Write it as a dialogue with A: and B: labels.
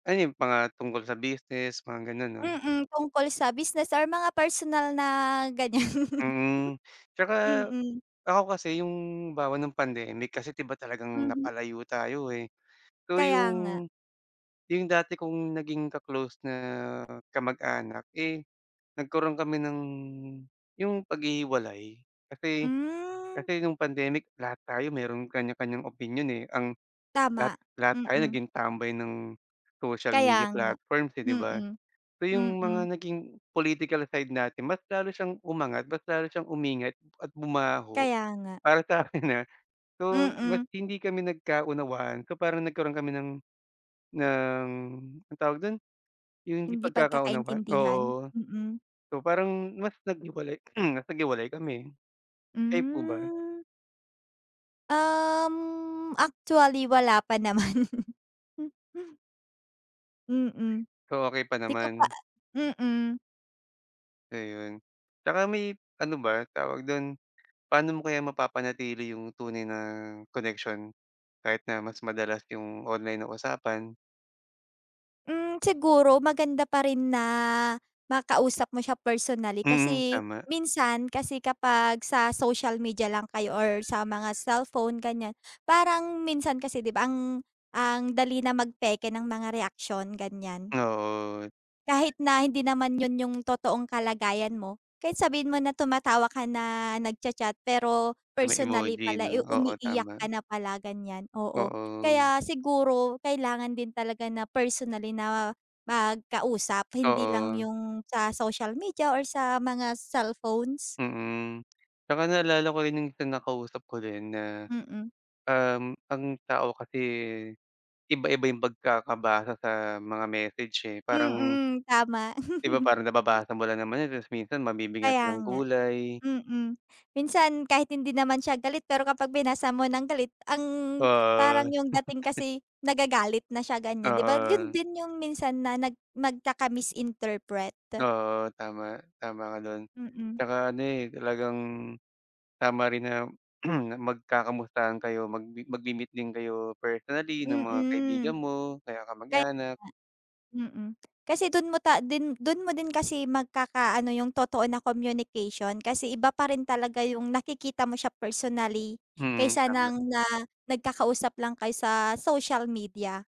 A: Ano yun mga tungkol sa business, mga gano'n 'no?
B: Mm, tungkol sa business or mga personal na ganyan.
A: Mm, tsaka
B: Mm.
A: ako kasi yung halimbawa nung pandemic kasi di ba talagang
B: Mhm.
A: napalayo tayo, eh, so
B: Kaya nga.
A: yung, yung dati kong naging ka-close na kamag-anak, eh, nagkaro'n kami ng yung paghihiwalay kasi,
B: Hmm.
A: kasi nung pandemic lahat tayo mayro'n kanya-kanyang opinyon, eh. Ang lahat,
B: Tama,
A: lahat tayo
B: mm.
A: naging tambay ng social
B: Kaya
A: media
B: nga,
A: platforms, eh, di ba?
B: mm.
A: So yung mga
B: Mm.
A: naging political side natin mas lalo siyang umangat, mas lalo siyang umingat at bumaho
B: Kaya nga.
A: para sakin, ha. So mas
B: Mm.
A: hindi kami nagkaunawaan so parang nagkaroon kami ng, ng anong tawag do'n? Yung hindi
B: Hindi
A: pagkakaunawan,
B: pagkakaintindihan?
A: oo.
B: Mm.
A: So parang mas naghiwalay mas naghiwalay kami, kayo po ba?
B: Hmm. Um, actually wala pa naman. Mm.
A: So, okey pa
B: Di ko pa
A: naman?
B: mm.
A: Ayun, tsaka may ano ba tawag do'n? Paano mo kaya mapapanatili yung tunay na koneksyon kahit na mas madalas yung online na usapan?
B: Hmm, siguro maganda pa rin na makausap mo siya personally
A: Mm,
B: kasi
A: tama.
B: minsan kasi kapag sa social media lang kayo or sa mga cellphone ganyan parang minsan kasi di ba ang, ang dali na magpeke ng mga reaksyon, ganyan.
A: Oo.
B: Kahit na hindi naman yun yung totoong kalagayan mo kahit sabihin mo na tumatawa ka na nag-cha-chat pero
A: May
B: personally
A: emoji
B: pala, eh,
A: 'no? Oo,
B: umiiyak
A: tama.
B: ka na pala ganyan, oo.
A: Oo.
B: Kaya siguro kailangan din talaga na personally na magkausap hindi lang
A: Oo.
B: yung sa social media or sa mga cellphones.
A: Mm, 'tsaka naalala ko rin yung sa nakausap ko rin na,
B: Mm.
A: um, ang tao kasi iba-iba yung pagkakabasa sa mga message, eh, parang
B: Mm, tama.
A: Di ba parang nababasa mo lang naman yun tapos minsan mabibgyan natin
B: Kaya
A: ng
B: nga,
A: kulay.
B: mm. Minsan kahit hindi naman siya galit pero kapag binasa mo ng galit ang
A: Ah.
B: parang yung dating kasi nagagalit na siya ganyan di ba, yun
A: Oo.
B: din yung minsan na nag magkaka-misinterpret.
A: Oo, tama. Tama ka do'n,
B: Mm.
A: tsaka ano, eh, talagang tama rin na magkakamustahan kayo mag magmi-meet din kayo personally ng mga kaibigan
B: Mm.
A: mo o kaya
B: Kaya
A: kamag-anak.
B: nga, mm, kasi do'n mo ta den do'n mo din kasi magkakaano yung totoo na communication kasi iba pa rin talaga yung nakikita mo siya personally
A: Mm,
B: kaysa
A: tama.
B: ng na nagkakausap lang kayo sa social media.